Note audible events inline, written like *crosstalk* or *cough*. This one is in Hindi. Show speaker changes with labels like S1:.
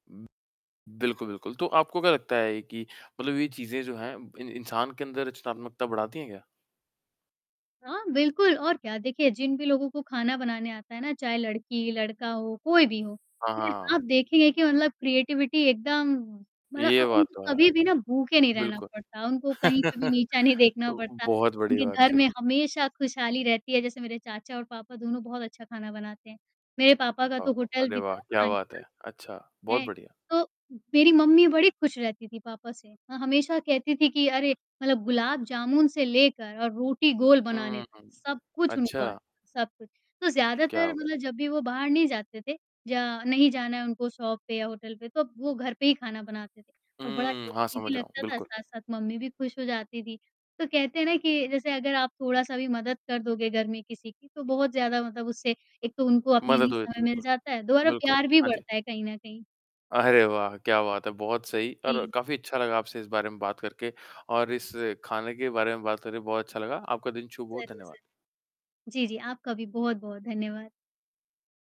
S1: उ, बिल्कुल, बिल्कुल। तो आपको क्या लगता है कि मतलब ये चीज़ें जो हैं इं इंसान के अंदर रचनात्मकता बढ़ाती हैं क्या?
S2: हाँ, बिल्कुल और क्या। देखिए जिन भी लोगों को खाना बनाने आता है ना, चाहे लड़की-लड़का हो, कोई भी हो,
S1: हाँ,
S2: फिर
S1: हाँ।
S2: आप देखेंगे कि मतलब क्रिएटिविटी एकदम मतलब अ,
S1: ये बात
S2: उनको
S1: तो है।
S2: कभी-भी ना भूखे नहीं रहना
S1: बिल्कुल।
S2: पड़ता, उनको कहीं पे भी
S1: *chuckles*
S2: नीचा नहीं देखना
S1: तो उ
S2: पड़ता,
S1: बहुत बड़ी
S2: उनके
S1: बात
S2: घर में
S1: चिल्क
S2: हमेशा खुशहाली रहती है। जैसे मेरे चाचा और पापा दोनों बहुत अच्छा खाना बनाते हैं, मेरे पापा का
S1: हाँ,
S2: तो होटल
S1: अरे
S2: भी
S1: वाह!
S2: था
S1: क्या
S2: खाने
S1: बात है।
S2: का
S1: अच्छा, बहुत
S2: हैं,
S1: बढ़िया।
S2: तो मेरी मम्मी बड़ी खुश रहती थी पापा से, माँ हमेशा कहती थी कि अरे मतलब गुलाब जामुन से लेकर और रोटी गोल बनाने
S1: हुँ,
S2: तक,
S1: हुँ।
S2: सब कुछ उनको आता
S1: अच्छा।
S2: है, सब कुछ, तो
S1: क्या
S2: ज़्यादातर
S1: बात है।
S2: मतलब जब भी वो बाहर नहीं जाते थे, या नहीं जाना है उनको शॉप पे या होटल पे, तो वो घर पे ही खाना बनाते थे और बड़ा
S1: हुँ, हाँ,
S2: टेस्टी भी
S1: समझ रहा हूँ।
S2: लगता था,
S1: बिल्कुल।
S2: साथ-साथ मम्मी भी खुश हो जाती थी। तो कहते हैं ना कि जैसे अगर आप थोड़ा-सा भी मदद कर दोगे घर में किसी की, तो बहुत ज़्यादा मतलब उससे एक तो उनको अपने
S1: मज़ा
S2: लिए
S1: तो देती
S2: समय
S1: है,
S2: मिल
S1: बिल्कुल।
S2: जाता है, दोहरा
S1: बिल्कुल।
S2: प्यार भी
S1: हाँ जी।
S2: बढ़ता है, कहीं न कहीं।
S1: अरे वाह! क्या बात है। बहुत सही और
S2: जी।
S1: काफ़ी अच्छा लगा आपसे इस बारे में बात करके और इस खाने के बारे में बात करके बहुत अच्छा लगा। आपका दिन शुभ हो,
S2: ज़रूर,
S1: धन्यवाद।
S2: ज़रूर। जी, जी। आपका भी बहुत-बहुत धन्यवाद।